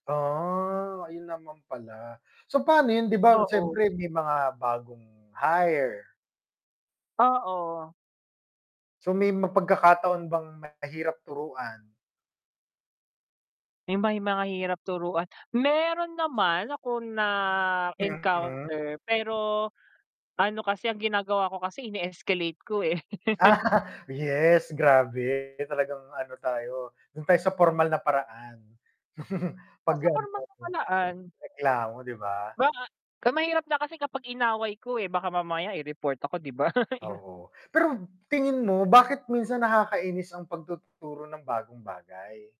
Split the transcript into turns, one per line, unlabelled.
Ah, ayun naman pala. So, pano yun 'di ba
Oo.
siyempre may mga bagong hire.
Oo.
So, may ma pagkakataon bang mahirap turuan?
Eh, may mga hirap turuan, meron naman akong
Mm.
na-encounter, pero ano kasi ang ginagawa ko kasi ini-escalate ko, eh.
Yes, grabe. Talagang ano tayo, dun tayo sa pormal na paraan
Oh,
'pag
sa pormal na paraan.
[unintelligible] reklamo, di ba?
Baka mahirap na kasi kapag inaway ko, eh, baka mamaya i-report ako 'di ba.
Oo. Pero tingin mo bakit minsan nakakainis ang pagtuturo ng bagong bagay?